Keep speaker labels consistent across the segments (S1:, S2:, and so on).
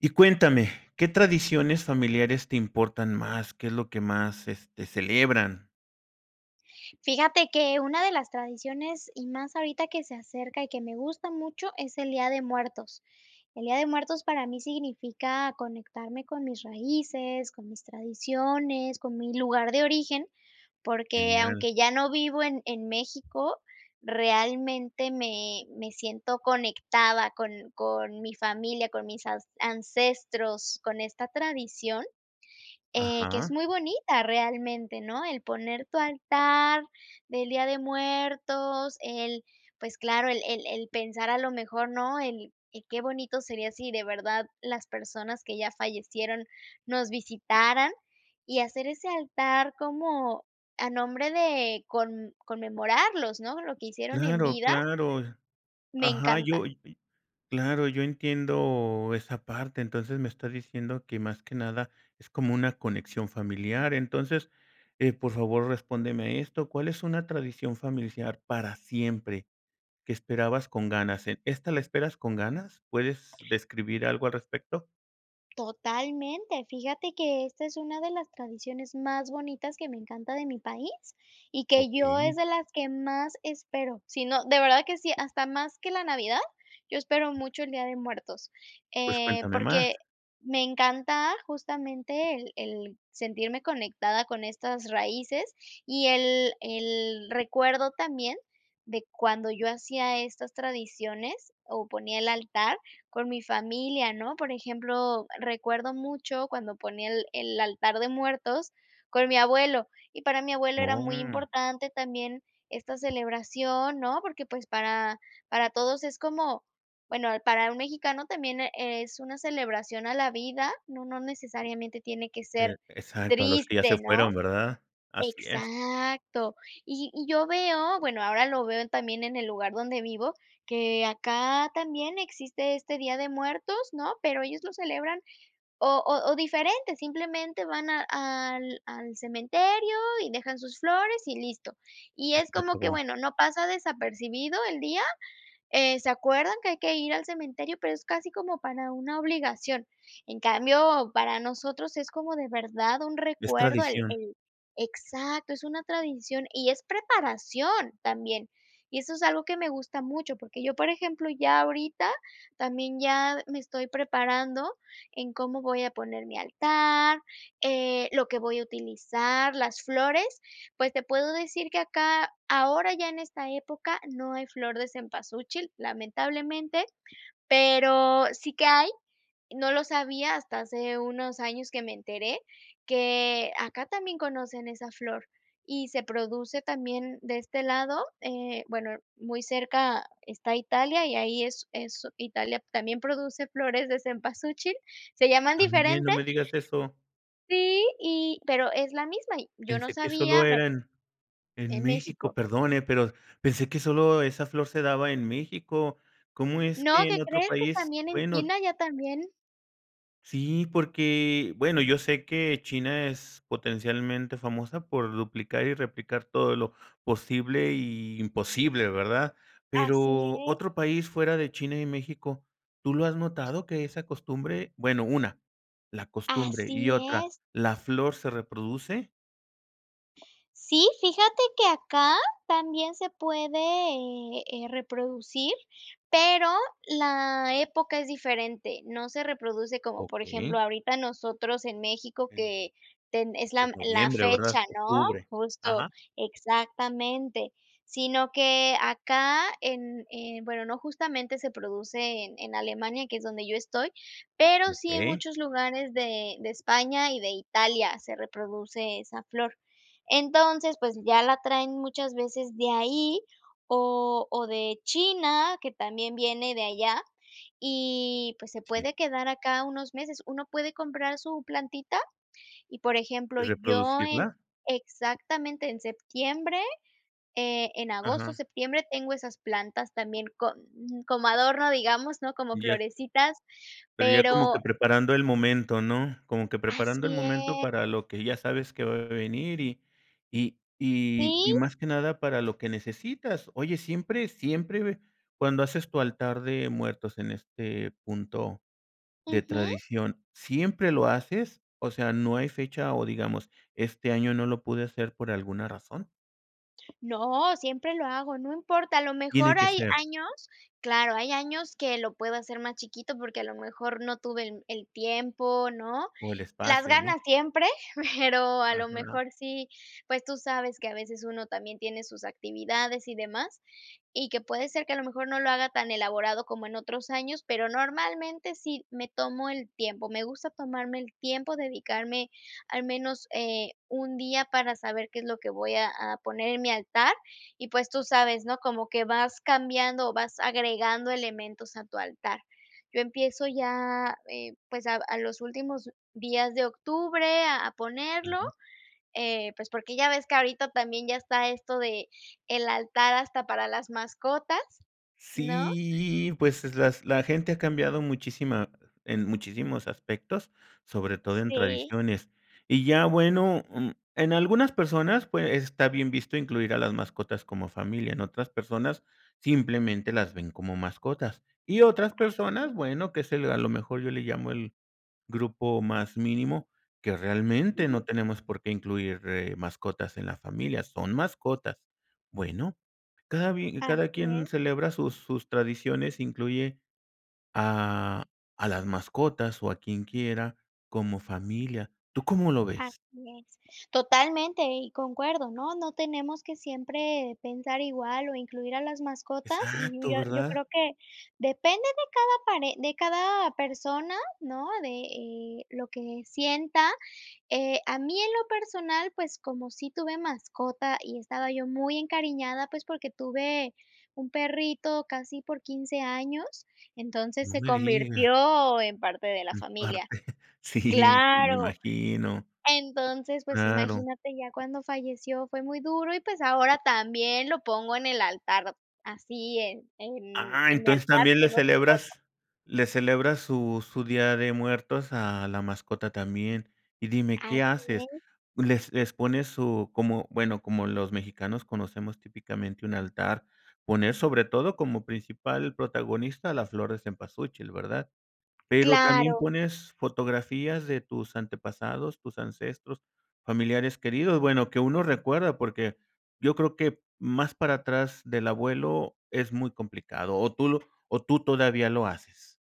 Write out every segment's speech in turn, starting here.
S1: Y cuéntame, ¿qué tradiciones familiares te importan más? ¿Qué es lo que más, este, celebran?
S2: Fíjate que una de las tradiciones y más ahorita que se acerca, y que me gusta mucho es el Día de Muertos. El día de muertos para mí significa conectarme con mis raíces, con mis tradiciones, con mi lugar de origen, porque
S1: Genial.
S2: aunque ya no vivo en en México, realmente me me siento conectada con con mi familia, con mis an ancestros, con esta tradición, eh, que es
S1: Ajá.
S2: muy bonita realmente, ¿no? El poner tu altar del día de muertos el, pues claro, el el el pensar a lo mejor, ¿no? El qué bonito sería si de verdad las personas que ya fallecieron nos visitaran, y hacer ese altar como a nombre de con conmemorarlos, ¿no?, lo que hicieron en
S1: Claro,
S2: vida.
S1: claro.
S2: Me
S1: Ajá. Yo,
S2: encanta.
S1: claro, yo entiendo esa parte. Entonces me estás diciendo que más que nada es como una conexión familiar. Entonces, eh, por favor, respóndeme esto, ¿cuál es una tradición familiar para siempre, que esperabas con ganas? Eh, ¿esta la esperas con ganas? ¿Puedes describir algo al respecto?
S2: Totalmente, fíjate que esta es una de las tradiciones más bonitas que me encanta de mi país, y que yo es
S1: Okey.
S2: de las que más espero. Si no de verdad que sí, hasta más que la Navidad. Yo espero mucho el Día de Muertos,
S1: Pues
S2: eh,
S1: cuéntame más.
S2: porque me encanta justamente el el sentirme conectada con estas raíces y el el recuerdo también de cuando yo hacía estas tradiciones o ponía el altar con mi familia, ¿no?, por ejemplo, recuerdo mucho cuando ponía el el altar de muertos con mi abuelo y para mi abuelo era muy
S1: Oh.
S2: importante también esta celebración, ¿no?, porque pues, para para todos es como bueno, para un mexicano también es una celebración a la vida, ¿no?, no necesariamente tiene que
S1: E
S2: ser
S1: exacto, a los que ya se
S2: triste, ¿no?
S1: fueron, ¿verdad? Así es.
S2: Exacto, y y yo veo, bueno, ahora lo veo también en el lugar donde vivo, que acá también existe este Día de Muertos, ¿no?, pero ellos lo celebran o o o diferente, simplemente van a al al cementerio y dejan sus flores, y listo. Y
S1: Y
S2: es
S1: se
S2: como que
S1: acabó.
S2: bueno, no pasa desapercibido el día, eh, se acuerdan que hay que ir al cementerio, pero es casi como para una obligación. En cambio, para nosotros es como de verdad un
S1: Es
S2: recuerdo el
S1: tradición.
S2: el exacto, es una tradición y es preparación también. Y eso es algo que me gusta mucho, porque yo, por ejemplo, ya ahorita también ya me estoy preparando en cómo voy a poner mi altar, eh, lo que voy a utilizar, las flores, pues te puedo decir que acá ahora, ya en esta época, no hay flor de cempasúchil, lamentablemente, pero sí que hay, no lo sabía hasta hace unos años, que me enteré que acá también conocen esa flor y se produce también de este lado, eh bueno, muy cerca está Italia y ahí es es Italia también produce flores de cempasúchil, se llaman
S1: ¿También?,
S2: diferente.
S1: no me digas eso.
S2: Sí, y pero es la misma y yo no
S1: Pensé que solo
S2: sabía me
S1: era en en
S2: En
S1: México,
S2: México.
S1: perdón eh,, pero pensé que solo esa flor se daba en México, ¿cómo es
S2: No,
S1: que
S2: ¿qué
S1: en otro
S2: crees?, que
S1: país?,
S2: también en
S1: bueno
S2: China ya también.
S1: Sí, porque bueno, yo sé que China es potencialmente famosa por duplicar y replicar todo lo posible y imposible, ¿verdad?
S2: Así
S1: Pero,
S2: es.
S1: otro país fuera de China y México, ¿tú lo has notado, que esa costumbre? Bueno, una la costumbre, y
S2: Así
S1: otra,
S2: es.
S1: ¿la flor se reproduce?
S2: Sí, fíjate que acá, también se puede, eh eh reproducir, pero, la época es diferente. No se reproduce como, por ejemplo,
S1: Okey.
S2: ahorita nosotros en México,
S1: En
S2: que ten es
S1: qué
S2: la
S1: es
S2: la
S1: noviembre,
S2: fecha,
S1: ¿verdad?
S2: ¿no?,
S1: Octubre,
S2: justo,
S1: ajá.
S2: exactamente. Sino que acá, en, eh, bueno, no, justamente se produce en en Alemania, que es donde yo estoy, pero, sí en
S1: Okey.
S2: muchos lugares de de España y de Italia se reproduce esa flor. Entonces, pues, ya la traen muchas veces de ahí, o o de China, que también viene de allá, y, pues, se
S1: Sí.
S2: puede quedar acá unos meses. Uno puede comprar su plantita, y por ejemplo,
S1: ¿Y
S2: yo en
S1: reproducirla?
S2: exactamente en septiembre, eh, en agosto,
S1: Ajá.
S2: septiembre tengo esas plantas también con como adorno, digamos, ¿no?, como
S1: Y ya
S2: florecitas,
S1: pero, ya como
S2: pero
S1: que preparando el momento, ¿no? Como que preparando el
S2: así
S1: momento,
S2: es.
S1: para lo que ya sabes que va a venir, y y y y
S2: Sí.
S1: más que nada para lo que necesitas. Oye, ¿siempre siempre cuando haces tu altar de muertos en este punto, de
S2: Ujú.
S1: tradición, siempre lo haces? O sea, no hay fecha, oh, digamos, ¿este año, no lo pude hacer por alguna razón?
S2: No, siempre lo hago, no importa, a lo
S1: Tiene
S2: mejor
S1: que
S2: hay
S1: ser.
S2: años claro, hay años que lo puedo hacer más chiquito, porque, a lo mejor, no tuve el el tiempo, ¿no?.
S1: O el
S2: Las
S1: espacio, ¿no?
S2: ganas siempre, pero, a lo
S1: Ajá.
S2: mejor sí, pues, tú sabes que a veces uno también tiene sus actividades y demás, y que puede ser que, a lo mejor, no lo haga tan elaborado como en otros años, pero, normalmente, sí, me tomo el tiempo, me gusta tomarme el tiempo, dedicarme al menos, eh, 1, día para saber qué es lo que voy a a poner en mi altar y, pues, tú sabes, ¿no?, como que vas cambiando o vas agregando elementos a tu altar. Yo empiezo ya, eh, pues, a a los últimos días de octubre a a ponerlo,
S1: Claro.
S2: eh, pues, porque ya ves que ahorita también ya está esto de el altar hasta para las mascotas, ¿no?
S1: Sí, pues, es las la gente ha cambiado muchísima, en muchísimos aspectos, sobre todo en
S2: Sí.
S1: tradiciones. Y ya, bueno, mm, en algunas personas, pues, está bien visto incluir a las mascotas como familia, en otras personas, simplemente, las ven como mascotas y otras
S2: Así
S1: personas,
S2: es.
S1: bueno, que es el, a lo mejor, yo le llamo el grupo más mínimo que, realmente,
S2: Ujú.
S1: no tenemos por qué incluir, eh, mascotas en la familia, son mascotas. Bueno, cada bi cada
S2: Así
S1: quien
S2: es.
S1: celebra sus sus tradiciones, incluye a a las mascotas, o a quien quiera como familia, ¿tú cómo lo
S2: Así
S1: ves?
S2: es, totalmente y concuerdo, ¿no?, no tenemos que siempre pensar igual o incluir a las mascotas,
S1: Exacto,
S2: [unintelligible] yo
S1: ¿verdad?
S2: creo que depende de cada pare de cada persona, ¿no?, de eh lo que sienta, eh, a mí en lo personal, pues, como sí tuve mascota y estaba yo muy encariñada, pues, porque tuve un perrito casi por 15, años, entonces
S1: No
S2: se
S1: me digas.
S2: convirtió en parte de la
S1: En
S2: familia.
S1: parte, sí, me
S2: Claro.
S1: imagino.
S2: Entonces, pues,
S1: Claro.
S2: imagínate ya cuando falleció fue muy duro y, pues, ahora también lo pongo en el altar, así, en en
S1: Ah,
S2: en el
S1: entonces
S2: altar
S1: también le
S2: tengo su foto.
S1: celebras le celebras su su Día de Muertos a la mascota también. Y dime,
S2: Así
S1: ¿qué haces?,
S2: es.
S1: les les pones su como, bueno, como los mexicanos conocemos típicamente un altar, poner sobre todo como principal protagonista a la flor cempasúchil, ¿verdad? ¿Pero también
S2: Claro.
S1: pones fotografías de tus antepasados, tus ancestros, familiares queridos?, bueno, que uno recuerda, porque, yo creo que más para atrás del abuelo es muy complicado, ¿o tú lo o tú todavía lo haces?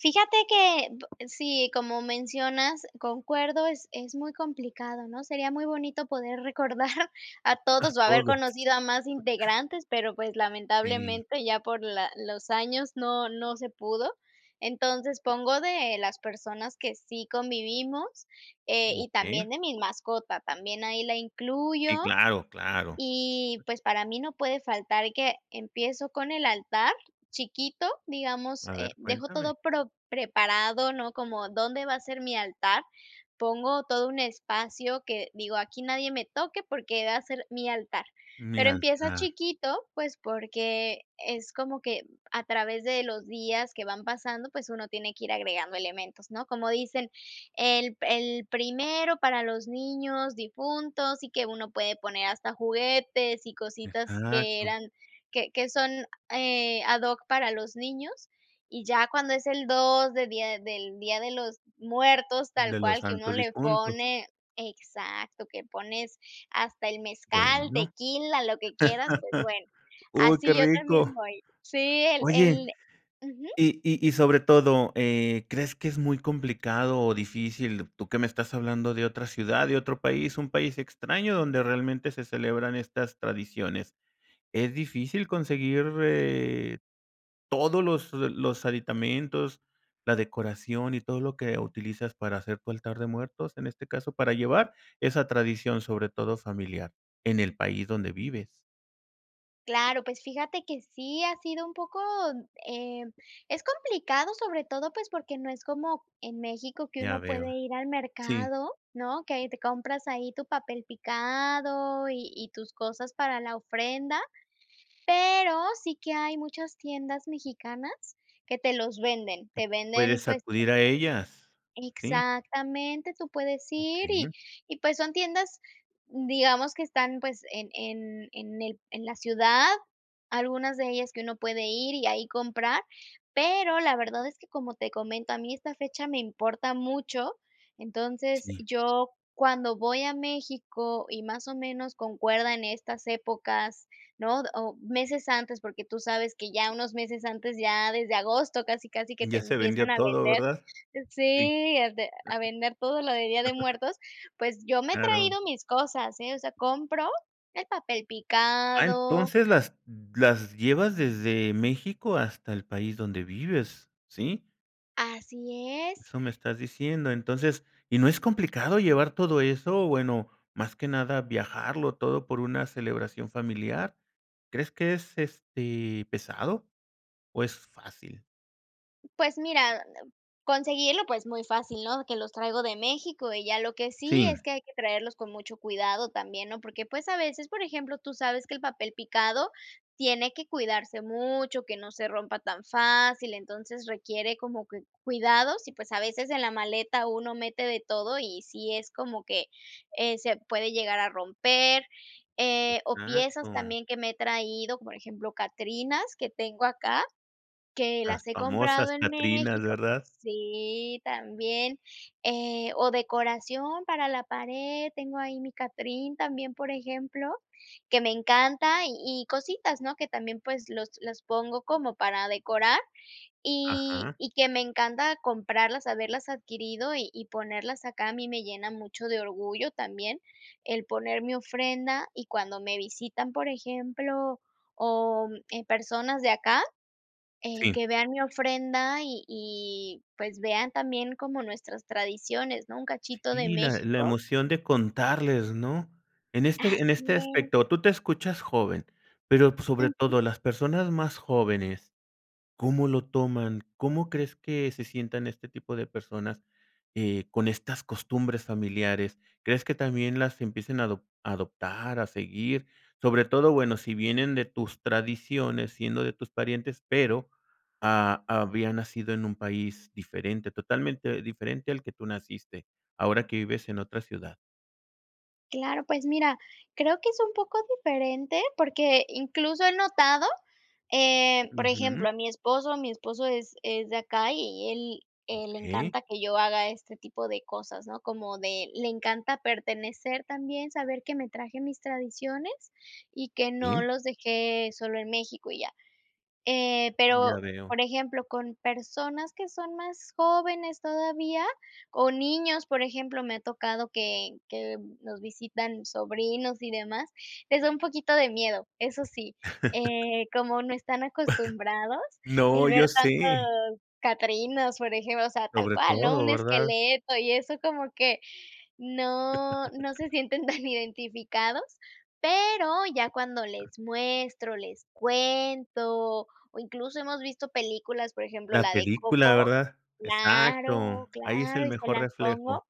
S2: Fíjate que, sí, como mencionas, concuerdo. Es es muy complicado, ¿no? Sería muy bonito poder recordar a
S1: A
S2: todos o haber
S1: todos.
S2: conocido a más integrantes, pero, pues,
S1: Sí.
S2: lamentablemente, ya por la los años no no se pudo. Entonces pongo de las personas que sí convivimos, eh, y
S1: Okey.
S2: también de mi mascota, también, ahí la incluyo
S1: Sí, claro claro.
S2: y, pues, para mí no puede faltar que empiezo con el altar chiquito, digamos,
S1: A
S2: eh,
S1: ver,
S2: dejo todo
S1: cuéntame.
S2: pro preparado, ¿no? Como, dónde va a ser mi altar, pongo todo un espacio que digo aquí nadie me toque, porque va a ser mi altar,
S1: Mi
S2: pero empieza
S1: altar.
S2: chiquito, pues, porque es como que a través de los días que van pasando, pues uno tiene que ir agregando elementos, ¿no? Como dicen, el pri el primero para los niños difuntos, y que uno puede poner hasta juguetes y cositas que
S1: Exacto.
S2: eran que que son, eh, a doc, para los niños y ya cuando es el 2, de del Día de los Muertos tal
S1: De los
S2: cual, que uno
S1: santos
S2: le
S1: difuntos.
S2: pone exacto, que pones hasta el mezcal,
S1: Bueno.
S2: tequila, lo que quieras, pues bueno,
S1: Uy, qué
S2: así yo también
S1: rico.
S2: voy. Sí, el
S1: Oye,
S2: el ujú.
S1: y y y sobre todo, eh, ¿crees que es muy complicado o difícil? ¿Tú qué me estás hablando de otra ciudad, de otro país, un país extraño donde realmente se celebran estas tradiciones? ¿Es difícil conseguir, eh, todos los los aditamentos, la decoración y todo lo que utilizas para hacer tu altar de muertos, en este caso, para llevar esa tradición, sobre todo familiar, en el país donde vives?
S2: Claro. Pues fíjate que sí ha sido un poco, eh, es complicado, sobre todo pues porque no es como en México que
S1: Ya
S2: uno puede
S1: veo.
S2: ir al
S1: Sí.
S2: mercado, ¿no? Que ahí te compras ahí tu papel picado y y tus cosas para la ofrenda. Pero sí que hay muchas tiendas mexicanas que te los venden, te venden,
S1: Puedes
S2: pues
S1: acudir a ellas, sí.
S2: Exactamente. Tú puedes ir y
S1: Okey.
S2: y pues son tiendas, digamos que están, pues, en en en el en la ciudad, algunas de ellas, que uno puede ir y ahí comprar. Pero la verdad es que, como te comento, a mí esta fecha me importa mucho. Entonces,
S1: Sí.
S2: yo cuando voy a México, y más o menos concuerda en estas épocas, ¿no? O meses antes, porque tú sabes que ya unos meses antes, ya desde agosto, casi, casi que te
S1: Ya se
S2: empiezan
S1: vendió
S2: a
S1: todo,
S2: vender.
S1: ¿verdad? Sí.
S2: Sí, a vender todo lo de Día de Muertos. Pues yo me he
S1: Claro.
S2: traído mis cosas, ¿eh? O sea, compro el papel
S1: Ah,
S2: picado
S1: entonces las las llevas desde México hasta el país donde vives, ¿sí?
S2: Así es.
S1: Eso me estás diciendo. Entonces, ¿y no es complicado llevar todo eso o, bueno, más que nada, viajarlo todo por una celebración familiar? ¿Crees que es, este, pesado o es fácil?
S2: Pues mira, em, conseguirlo. Pues muy fácil, ¿no? Que los traigo de México y ya lo que sí es
S1: Sí.
S2: que hay que traerlos con mucho cuidado también, ¿no?, porque pues, a veces, por ejemplo, tú sabes que el papel picado tiene que cuidarse mucho, que no se rompa tan fácil. Entonces requiere como que cuidados y, pues, a veces en la maleta uno mete de todo y si es como que, eh, se puede llegar a romper, eh, o piezas
S1: Exacto.
S2: también que me he traído, por ejemplo, Catrinas que tengo acá que
S1: Las
S2: las he
S1: famosas
S2: comprado en
S1: catrinas,
S2: México
S1: ¿verdad?
S2: Sí, también, eh, o decoración para la pared. Tengo ahí mi Catrín también, por ejemplo, que me encanta, y y cositas, ¿no?, que también, pues los las pongo como para decorar y
S1: Ajá.
S2: y que me encanta comprarlas, haberlas adquirido y y ponerlas acá. A mí me llena mucho de orgullo también el poner mi ofrenda y cuando me visitan, por ejemplo, o eh, personas de acá, eh,
S1: Sí.
S2: que vean mi ofrenda y y pues, vean también como nuestras tradiciones, ¿no? Un cachito de
S1: Sí, la la
S2: México.
S1: emoción de contarles, ¿no? En este, en este
S2: Así es.
S1: aspecto, tú te escuchas joven, pero, pues, sobre todo
S2: Ujú.
S1: las personas más jóvenes, ¿cómo lo toman? ¿Cómo crees que se sientan este tipo de personas, eh, con estas costumbres familiares? ¿Crees que también las empiecen a adop adoptar a seguir? Sobre todo, bueno, si vienen de tus tradiciones, siendo de tus parientes, pero, ah, había nacido en un país diferente, totalmente diferente al que tú naciste, ahora que vives en otra ciudad.
S2: Claro. Pues, mira, creo que es un poco diferente, porque incluso he notado, eh, por
S1: Ujú.
S2: ejemplo, a mi esposo mi esposo es es de acá y él le
S1: Okey.
S2: encanta que yo haga este tipo de cosas, ¿no? Como de le encanta pertenecer también saber que me traje mis tradiciones y que no
S1: Bien.
S2: los dejé solo en México y ya. Eh,
S1: Ya
S2: pero,
S1: veo.
S2: por ejemplo, con personas que son más jóvenes todavía o niños, por ejemplo, me ha tocado que que nos visitan sobrinos y demás, les da un poquito de miedo. Eso sí, eh, como no están acostumbrados el
S1: No, yo
S2: ver
S1: sé.
S2: tantos catrinas, por ejemplo, o sea, tal
S1: Sobre
S2: cual, ¿no?,
S1: todo,
S2: un
S1: ¿verdad?
S2: esqueleto y eso como que no no se sienten tan identificados, pero ya cuando les muestro, les cuento o incluso hemos visto películas, por ejemplo,
S1: La
S2: la de
S1: película,
S2: Coco
S1: ¿verdad?
S2: claro,
S1: Exacto. Ahí es
S2: claro.
S1: el
S2: Y se
S1: mejor
S2: las
S1: reflejo.
S2: pongo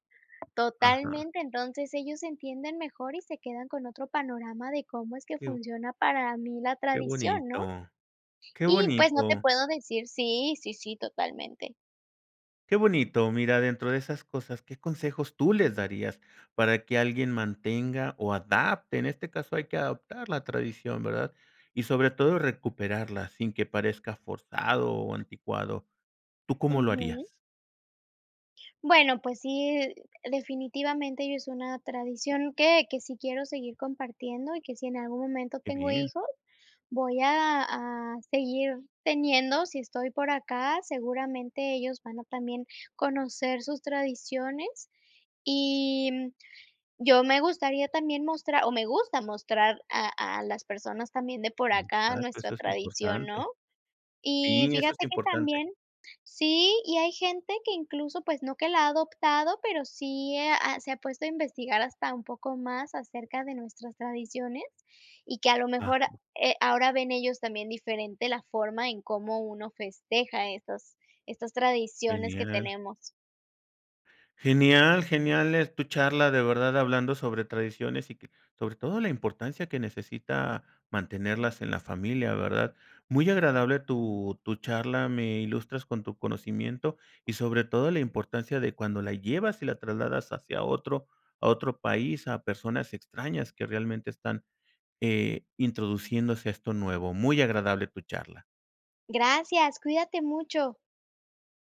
S1: Ajá.
S2: totalmente. Entonces, ellos entienden mejor y se quedan con otro panorama de cómo es que
S1: [unintelligible]
S2: funciona para mí la
S1: Qué
S2: tradición, ¿no?
S1: bonito. Qué
S2: Y, pues, no
S1: bonito.
S2: te puedo decir sí, sí, sí, totalmente.
S1: Qué bonito, mira dentro de esas cosas, ¿qué consejos tú les darías para que alguien mantenga o adapte en este caso hay que adaptar la tradición? ¿Verdad? Y sobre todo, recuperarla sin que parezca forzado o anticuado, ¿tú cómo lo
S2: Ujú.
S1: harías?
S2: Bueno, pues sí, definitivamente ya es una tradición que que sí quiero seguir compartiendo y que si en algún momento
S1: Qué
S2: tengo
S1: bien.
S2: hijos voy a a seguir teniendo. Si estoy por acá, seguramente ellos van a también conocer sus tradiciones y, mm, yo me gustaría también mostrar o me gusta mostrar a a las personas también de por acá
S1: Exacto.
S2: nuestra
S1: Eso es
S2: tradición, ¿no?
S1: importante.
S2: Y
S1: Sí, eso es
S2: fíjate que
S1: importante.
S2: también sí y hay gente que incluso pues, no que la ha adoptado, pero sí ha se ha puesto a investigar hasta un poco más acerca de nuestras tradiciones y que a lo mejor,
S1: Ajá.
S2: eh, ahora ven ellos también diferente la forma en cómo uno festeja estos estas tradiciones que
S1: Genial.
S2: tenemos.
S1: Genial genial, es tu charla de verdad hablando sobre tradiciones y que sobre todo la importancia que necesita mantenerlas en la familia, ¿verdad? Muy agradable
S2: Mm.
S1: tu tu charla, me ilustras con tu conocimiento y sobre todo, la importancia de cuando la llevas y la trasladas hacia otro a otro país, a personas extrañas que realmente están, eh, introduciéndose a esto nuevo. Muy agradable tu charla.
S2: Gracias. Cuídate mucho.